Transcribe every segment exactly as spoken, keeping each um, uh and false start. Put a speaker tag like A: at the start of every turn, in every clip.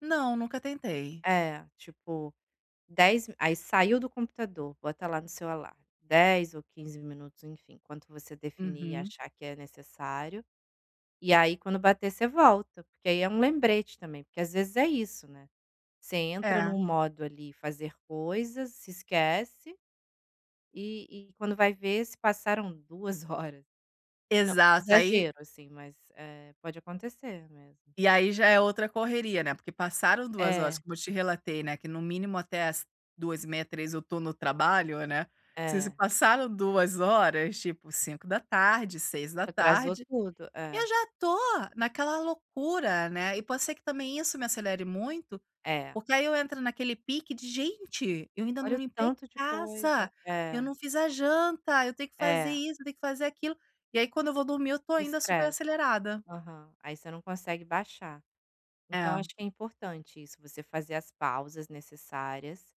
A: Não, nunca tentei.
B: É, tipo, dez aí saiu do computador, bota lá no seu alarme, dez ou quinze minutos. Enfim, quanto você definir e
A: Uhum.
B: achar que é necessário. E aí, quando bater você volta, porque aí é um lembrete também, porque às vezes é isso, né. Você entra no
A: É.
B: modo ali "fazer coisas", se esquece, e e quando vai ver se passaram duas horas. Não,
A: Exato aí
B: exagero assim, eh, mas pode acontecer mesmo.
A: E aí já é outra correria, né, porque passaram duas horas,
B: É.
A: como eu te relatei né, que no mínimo até às duas e meia, três eu estou no trabalho, né. Se se
B: É.
A: passaram duas horas, tipo cinco da tarde, seis da
B: Te atrasou
A: tarde,
B: tudo,
A: eu
B: é.
A: já estou naquela loucura, né, e pode ser que também isso me acelere muito,
B: É.
A: porque aí eu entro naquele pique de: "Gente, eu ainda
B: Olha
A: não
B: o
A: limpei
B: tanto de coisa,
A: casa, eu
B: é.
A: não fiz a janta, eu tenho que fazer
B: É.
A: isso, tenho que fazer aquilo." E aí quando eu vou dormir eu estou ainda super
B: Estresse,
A: acelerada.
B: aham. Aí você não consegue baixar, então eu
A: É.
B: acho que é importante isso, você fazer as pausas necessárias,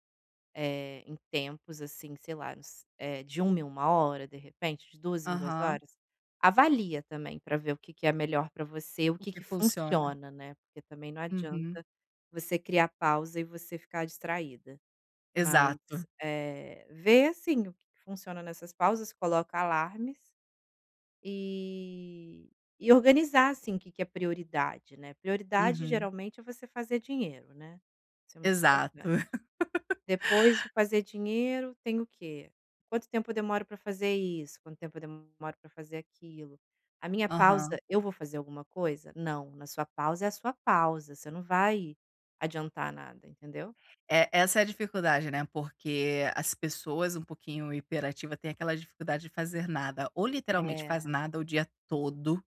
B: eh, em tempos assim sei lá, uns eh, de uma em uma hora, de repente, de duas em duas
A: Aham.
B: horas, avalia também para ver o que que é melhor para você, o
A: O
B: que
A: que
B: que
A: funciona.
B: funciona, né, porque também não
A: Uhum.
B: adianta você criar pausa e você ficar distraída. Mas,
A: Exato.
B: eh, ver assim o que que funciona nessas pausas coloca alarmes e e organizar, assim, o que que é prioridade, né, prioridade
A: Uhum.
B: geralmente é você fazer dinheiro, né. Isso é muito
A: Exato.
B: importante. Depois de fazer dinheiro tem o quê? Quanto tempo eu demoro para fazer isso? Quanto tempo eu demoro para fazer aquilo? A minha pausa,
A: Aham.
B: eu vou fazer alguma coisa? Não, na sua pausa é a sua pausa, você não vai adiantar nada entendeu?
A: É, essa é a dificuldade, né, porque as pessoas um pouquinho hiperativa têm aquela dificuldade de fazer nada, ou literalmente faz
B: É.
A: nada o dia todo